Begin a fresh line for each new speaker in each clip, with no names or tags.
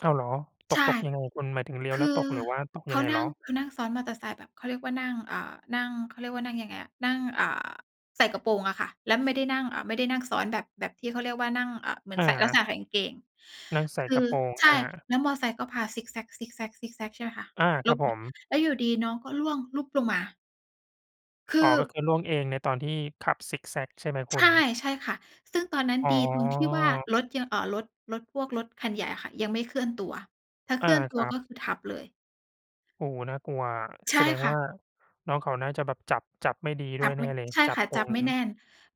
อ้าวเหรอ ต
ใช
ก
่
ตกยังไง? คุณหมายถึงเลี้ยว
ค
แ
ื
ล้วต
อ
ก หรือว่าตก
เข
ยัง
า
ไง
น
เ
ั
หร
่
อ?
ง เขานั่งซ้อนมอเตอร์ไซค์แบบเขาเรียกว่านั่ง อ่า นั่ง เขาเรียกว่านั่งยังไงอะ นั่ง อ่า ใส่กระโปรงอะค่ะ แล้วไม่ได้นั่ง เอ่อ ไม่ได้นั่งซ้อนแบบ แบบที่เขาเรียกว่านั่ง เอ่อ เหมือน
อ
ใส่ลักษ
า
ณะใส่กางเกง
นางใส
ค
่
ื
กร
อ
ะโปรง
ใช
อ
่
า
แล้วมอไซค์ก็พาซิกแซ็ก ๆ ๆ ใช่ไหมคะ
อา
หล
ครับ
บ
ผ
อะ
ม
แล้วอยู่ดีน้องก็ร่วงหลุบลงมา ค
อ๋
ื
อ
อ
ก็คือร่วงเองในตอนที่ขับซิกแซ็กใช่ไหมค
ใช
ุณ?
่ ใช่ค่ะ ซึ่งตอนนั้น
อ๋อ
ดีตรงที่ว่า รถยัง เอ่อ รถ รถพวกรถคันใหญ่อะค่ะยังไม่เคลื่อนตัว ถ้าเ
อ
ค
า
ลื่อนต
ค
ัว
รั
ก
บ
็คือทับเลย
โอ้โฮ น่ากลัวอะ
ใช
แ
่
สดง
ค่
ว
ะ
่าน้องเขาน่าจะแบบจับ จับไม่ดี
จ
ด้
ั
ว
บ
ย
ไ
แน
ม
่
่
เลย
ใช่
จั
ค
บ
่ะ
ตร
จับ
ง
ไม่แน่น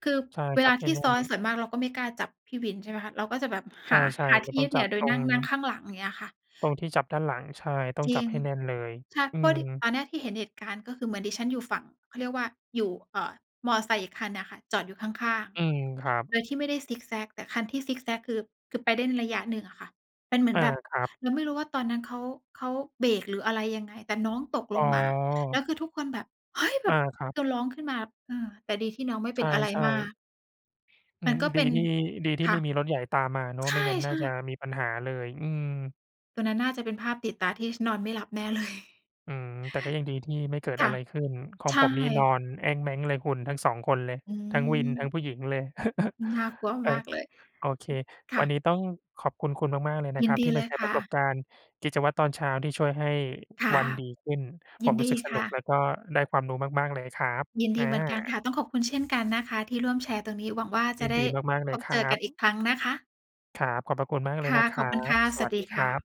คือ
ใช่
เว
จ
ล
ั
า
บไ
ท
ม่
ี่
แน่
ซ้อน
น
ส่วนมากเราก็ไม่กล้าจับพี่วิน ใช่ไหมคะ เราก็จะแบบ
ใ
ห
ช
า
่
หา
ๆ
ท
มั
ี่
นต
ย
้
ึ
อง
ดเห
จ
นี
ั
่ย
บ
วโด
ต
ย
ร
นั่
ง
ง นั่งข้างหลัง อย่างเงี้ยค่ะ
ตรงที่จับด้านหลัง ใช่ ต้อ
จ
ง
ร
จ
ิ
ับ
ง
ให้แน่นเลย
ใช่
อื
เพราะที่
ม
ตอนแรกที่เห็นเหตุการณ์ ก็คือเหมือนดิฉันอยู่ฝั่ง เขาเรียกว่า อยู่ เอ่อ มอไซค์อีกคันน่ะค่ะ จอดอยู่ข้าง
อืม ครับ
ๆ โดยที่ไม่ได้ซิกแซ็ก แต่คันที่ซิกแซ็กคือ คือไปได้ในระยะหนึ่งอะค่ะ เป็นเหมือ
อ
น
า
แบบ
ครับ
เราไม่รู้ว่าตอนนั้นเขา เขาเบรกหรืออะไรยังไง แต่น้องตก
อ
ล
๋
งมา แล้
อ
วคือทุกคนแบบ "เฮ้ย!" แบ
อ
บ
า ครับ
คือร้องขึ้นมา เออ แต่ดีที่น้องไม่เ
ใ
ป็นอะไร
ช่
มา
ๆ
ก
อื
มัน
ม
ก็เ
ด
ป
ี
็น
ที่ ดีที่
ค่
ไ
ะ
ม่มีรถใหญ่ตามมาเนาะ
ใช
ไม่งั้นน่า
่
จะ
ๆ
มีปัญหาเลย อืม
ตรงนั้นน่าจะเป็นภาพติดตาที่ ช นอนไม่หลับแน่ เลย
อืม แต่ก็ยังดีที่ไม่เกิด
ค
อ
่ะ
ะไรขึ้น ขอ
ใ
ง
ช่
ผมนี้นอนแอ้งแม้งเลยคุณ ทั้ง 2 คนเลย
อื
ทั้งวินทั้
ม
งผู้หญิงเลย
น่ากลัว
เออ
มากเลย อ
โอเค
ือ ค
ว
่
ั
ะ
นนี้ต้องขอบคุณคุณมาก ๆ เลยนะ
ยิ
ค
น
รับ
ด
ท
ี
ี่
เ
ม
ล
าแ
ย
ชร์
ค
ป
่
ระสบ
ะ
การณ์กิจวัตรตอนเช้าที่ช่วยให้
ค่ะ
วันดีขึ้น ผ
ยิ
ม
น
รู
ด
้
ี
สึกส
ค
นุ
่
กแล
ะ
้วก็ได้ความรู้มาก ๆ เลยครับ
ยินด
อ
ี
า
เหมือนกันค่ะ ต้องขอบคุณเช่นกันนะคะ ที่ร่วมแชร์ตรงนี้ หวังว่า จ
ย
ะ
ิน
ได
ด
้
ีมาก ๆ เ
พ
ลย
บ
ค
เจ
รั
อกันอีก
บ
ครั้งนะคะ
ครับ ขอบพระคุณมากเล
ค
ย
่
น
ะ
ะค
ข
ร
อ
ั
บคุณค
บ
่ะ
ส
ส
ว
วั
ั
ส
สด
ดี
ีค
ค่
รั
ะ
บ